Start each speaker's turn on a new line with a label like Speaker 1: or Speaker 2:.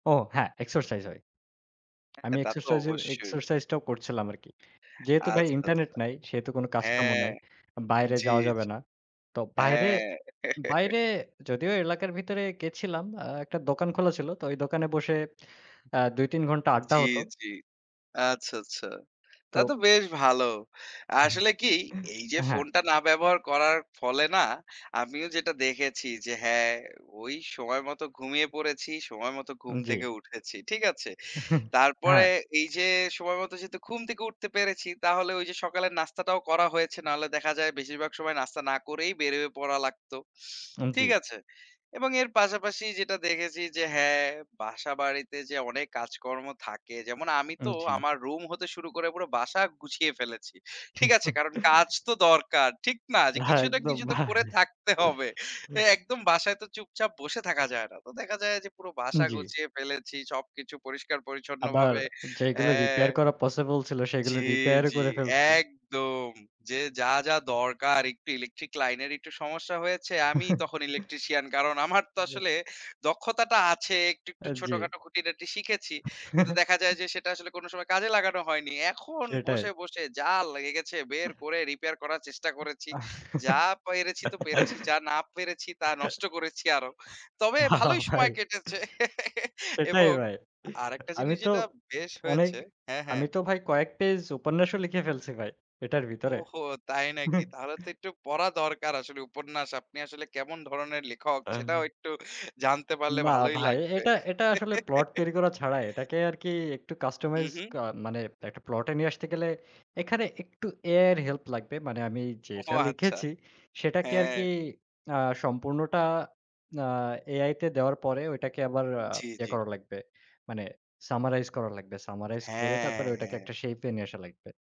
Speaker 1: ও হ্যাঁ, এক্সারসাইজ হয়।
Speaker 2: হ্যাঁ,
Speaker 1: আমি
Speaker 2: তা তো
Speaker 1: এক্সারসাইজের
Speaker 2: অবশ্যই।
Speaker 1: এক্সারসাইজ টাও করছিলাম আরকি। যেহেতু ভাই
Speaker 2: আচ্ছা,
Speaker 1: ইন্টারনেট
Speaker 2: আচ্ছা।
Speaker 1: নাই, সেহেতু কোনো কাজকামও
Speaker 2: হ্যাঁ,
Speaker 1: নাই।
Speaker 2: জ্বি,
Speaker 1: বাইরে
Speaker 2: জ্বি।
Speaker 1: যাওয়া যাবে না। তো বাইরে,
Speaker 2: হ্যাঁ।
Speaker 1: বাইরে যদিও এলাকার ভিতরে গেছিলাম আ একটা দোকান খোলা ছিল। তো ওই দোকানে বসে আ ২ ৩ ঘন্টা আড্ডা
Speaker 2: জ্বি,
Speaker 1: হত।
Speaker 2: জ্বি। আচ্ছা, আচ্ছা। তা
Speaker 1: তো
Speaker 2: তো বেশ ভালো। আসলে কি এই যে,
Speaker 1: হ্যাঁ।
Speaker 2: ফোনটা না ব্যবহার করার ফলে না, আমিও যেটা দেখেছি, যে, হ্যাঁ, ওই সময় মতো ঘুমিয়ে পড়েছি। সময় মত
Speaker 1: উ
Speaker 2: ঘুম
Speaker 1: জ্বী।
Speaker 2: থেকে উঠেছি। ঠিক আছে?
Speaker 1: হ্যাঁ।
Speaker 2: তারপরে এই যে, সময় মতো যেহেতু ঘুম থেকে উঠতে পেরেছি, তাহলে ওই যে, সকালের নাস্তাটাও করা হয়েছে। না হলে দেখা যায় বেশিরভাগ সময় নাস্তা না করেই বের হয়ে পড়া লাগতো।
Speaker 1: উ
Speaker 2: ঠিক
Speaker 1: জ্বী।
Speaker 2: আছে? এবং এর পাশাপাশি যেটা দেখেছি, যে, হ্যাঁ, বাসা-বাড়িতে যে, অনেক কাজকর্ম থাকে। যেমন আমি
Speaker 1: উ
Speaker 2: তো
Speaker 1: জ্বী।
Speaker 2: আমার রুম হতে শুরু করে পুরা বাসা গুছিয়ে ফেলেছি। ঠিক আছে? কারণ কাজ তো দরকার। ঠিক না? কিছু না
Speaker 1: একদম
Speaker 2: কিছু তো করে
Speaker 1: ভাই।
Speaker 2: থাকতে হবে। তো একদম বাসায় তো চুপচাপ বসে থাকা যায় না। তো দেখা যায় যে, পুরো বাসা
Speaker 1: জ্বি।
Speaker 2: গুছিয়ে ফেলেছি। সবকিছু
Speaker 1: আবার
Speaker 2: পরিষ্কার-পরিচ্ছন্নভাবে
Speaker 1: যেগুলো
Speaker 2: হ্যাঁ।
Speaker 1: রিপেয়ার করা পসিবল ছিল,
Speaker 2: জি,
Speaker 1: সেগুলো রিপেয়ার ও
Speaker 2: জি,
Speaker 1: করে ফেলছি।
Speaker 2: একদম। যে, যা, যা দরকার একটু ইলেকট্রিক লাইন এর একটু সমস্যা হয়েছে, আমিই তখন ইলেকট্রিশিয়ান কারণ আমার তো আসলে দক্ষতাটা আছে। একটু, একটু
Speaker 1: আ জী।
Speaker 2: ছোটখাটো খুঁটি নাটি শিখেছি। কিন্তু দেখা যায় যে, সেটা আসলে কোনো সময় কাজে লাগানো হয়নি। এখন
Speaker 1: সেটাই।
Speaker 2: বসে, বসে যা লেগে গেছে বের করে রিপেয়ার করার চেষ্টা করেছি। যা পেরেছি তো পেরেছি, যা না পেরেছি তা নষ্ট করেছি আরো। তবে ভালোই
Speaker 1: ভাই।
Speaker 2: সময় কেটেছে।
Speaker 1: এটাই
Speaker 2: এবং
Speaker 1: ভাই।
Speaker 2: আরেকটা
Speaker 1: আমি
Speaker 2: জিনিস
Speaker 1: তো
Speaker 2: যেটা বেশ
Speaker 1: অনেক,
Speaker 2: হয়েছে হ্যাঁ, হ্যাঁ।
Speaker 1: আমি তো ভাই কয়েক পেজ উপন্যাসও লিখে ফেলছি ভাই। এটার ভিতরে।
Speaker 2: ওহহো! তাই নাকি? তাহলে তো একটু পড়া দরকার আসলে উপন্যাস। আপনি আসলে কেমন ধরনের লেখক সেটাও
Speaker 1: অ্যা
Speaker 2: একটু জানতে পারলে
Speaker 1: না
Speaker 2: ভালোই
Speaker 1: ভাই,
Speaker 2: লাগবে।
Speaker 1: এটা এটা আসলে প্লট তৈরি করা ছাড়া, এটাকে আরকি একটু
Speaker 2: হুম,
Speaker 1: কাস্টমাইজড
Speaker 2: হুম।
Speaker 1: কা মানে একটা প্লটে নিয়ে আসতে গেলে এখানে একটু AI এর হেল্প লাগবে। মানে আমি
Speaker 2: ওহো!
Speaker 1: যেটা
Speaker 2: আচ্ছা।
Speaker 1: লিখেছি সেটাকে
Speaker 2: হ্যাঁ।
Speaker 1: আরকি আ সম্পূর্ণটা আ AI তে দেওয়ার পরে ওইটাকে আবার আ
Speaker 2: জ্বি,
Speaker 1: ইয়ে
Speaker 2: জ্বি।
Speaker 1: করা লাগবে। মানে সামারাইজ করা লাগবে। সামারাইজ করে
Speaker 2: হ্যাঁ,
Speaker 1: তারপরে ওইটাকে
Speaker 2: হ্যাঁ।
Speaker 1: একটা শেইপে নিয়ে আসা লাগবে।